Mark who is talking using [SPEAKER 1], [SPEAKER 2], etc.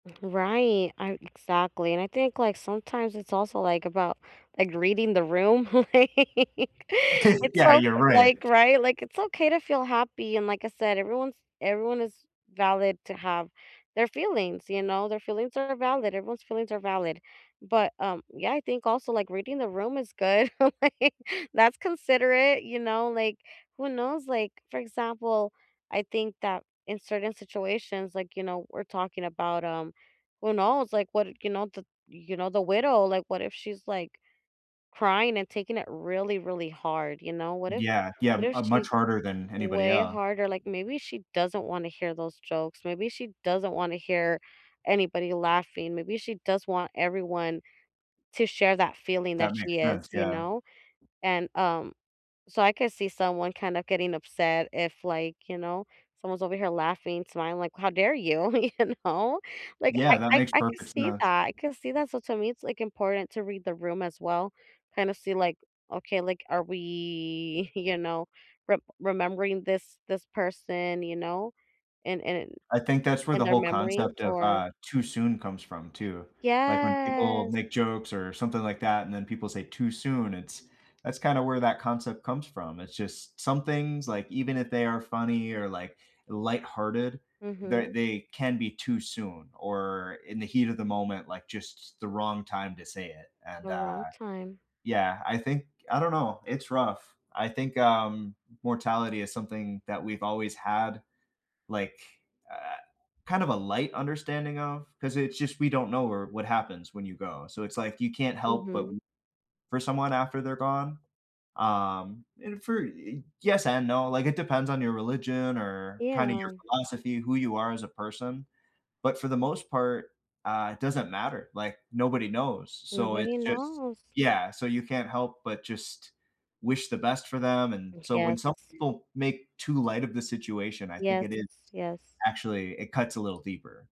[SPEAKER 1] Right, ar exactly, and I think, like, sometimes it's also, like, about, like, reading the room, like, it's
[SPEAKER 2] Yeah,
[SPEAKER 1] so
[SPEAKER 2] you're
[SPEAKER 1] eh,
[SPEAKER 2] right.
[SPEAKER 1] like, right? Like, it's okay to feel happy, and like I said, everyone's everyone is valid to have their feelings, you know? Their feelings are valid, everyone's feelings are valid. But, um, yeah, I think also, like, reading the room is good, like, that's considerate, you know? Like, who knows? Like, for example, I think that in certain situations like, you know, we're talking about, um, who knows? Like, what you know, the you know, the widow, like, what if she's, like, crying and taking it really, really hard? You know? What if
[SPEAKER 2] Yeah. Yeah,
[SPEAKER 1] what if
[SPEAKER 2] uh,
[SPEAKER 1] she's
[SPEAKER 2] much harder than anybody
[SPEAKER 1] way
[SPEAKER 2] else.
[SPEAKER 1] harder? Like, maybe she doesn't wanna hear those jokes, maybe she doesn't wanna hear anybody laughing, maybe she does want everyone to share that feeling that
[SPEAKER 2] That makes
[SPEAKER 1] she is,
[SPEAKER 2] sense,
[SPEAKER 1] you
[SPEAKER 2] yeah.
[SPEAKER 1] know? And, um so, I could see someone kinda getting upset if, like, you know, someone's over here laughing, smiling li how dare you? You know? Like, I
[SPEAKER 2] Yeah, that
[SPEAKER 1] I
[SPEAKER 2] makes
[SPEAKER 1] I can
[SPEAKER 2] perfect
[SPEAKER 1] see
[SPEAKER 2] sense.
[SPEAKER 1] that, I can see that, so, to me, it's, like, important to read the room as well. Kind of see, like, okay, like, are we, you know, re remembering this this person, you know, and and
[SPEAKER 2] I think that's where the
[SPEAKER 1] their
[SPEAKER 2] whole
[SPEAKER 1] memories
[SPEAKER 2] concept of,
[SPEAKER 1] or
[SPEAKER 2] uh, "too soon" comes from, too like when people
[SPEAKER 1] Yes.
[SPEAKER 2] make jokes or something like that, and then people say, "Too soon," it's that's kinda where that concept comes from. It's just some things, like even if they are funny or, like, lighthearted, ther
[SPEAKER 1] Mhm.
[SPEAKER 2] they can be too soon or in the heat of the moment, like, just the wrong time to say it,
[SPEAKER 1] The
[SPEAKER 2] and, uh
[SPEAKER 1] wrong time.
[SPEAKER 2] Yeah, I think I don't know, it's rough. I think, um, mortality is something that we've always had, like, uh kind of a light understanding of, 'cause it's just we don't know where what happens when you go. So, it's, like, you can't help but
[SPEAKER 1] Mhm.
[SPEAKER 2] [unintelligible] for someone after they're gone, um, and for y yes and no, like it depends on your religion or kinda your
[SPEAKER 1] Yeah.
[SPEAKER 2] philosophy, who you are as a person. But for the most part, uh, it doesn't matter, like, nobody knows. So, it's
[SPEAKER 1] Nobody
[SPEAKER 2] just
[SPEAKER 1] knows.
[SPEAKER 2] Yeah, so, you can't help but just wish the best for them and
[SPEAKER 1] Mm,
[SPEAKER 2] so, when some
[SPEAKER 1] yes.
[SPEAKER 2] people make too light of the situation, I think
[SPEAKER 1] Yes.
[SPEAKER 2] it is
[SPEAKER 1] Yes.
[SPEAKER 2] actually it cuts a little deeper.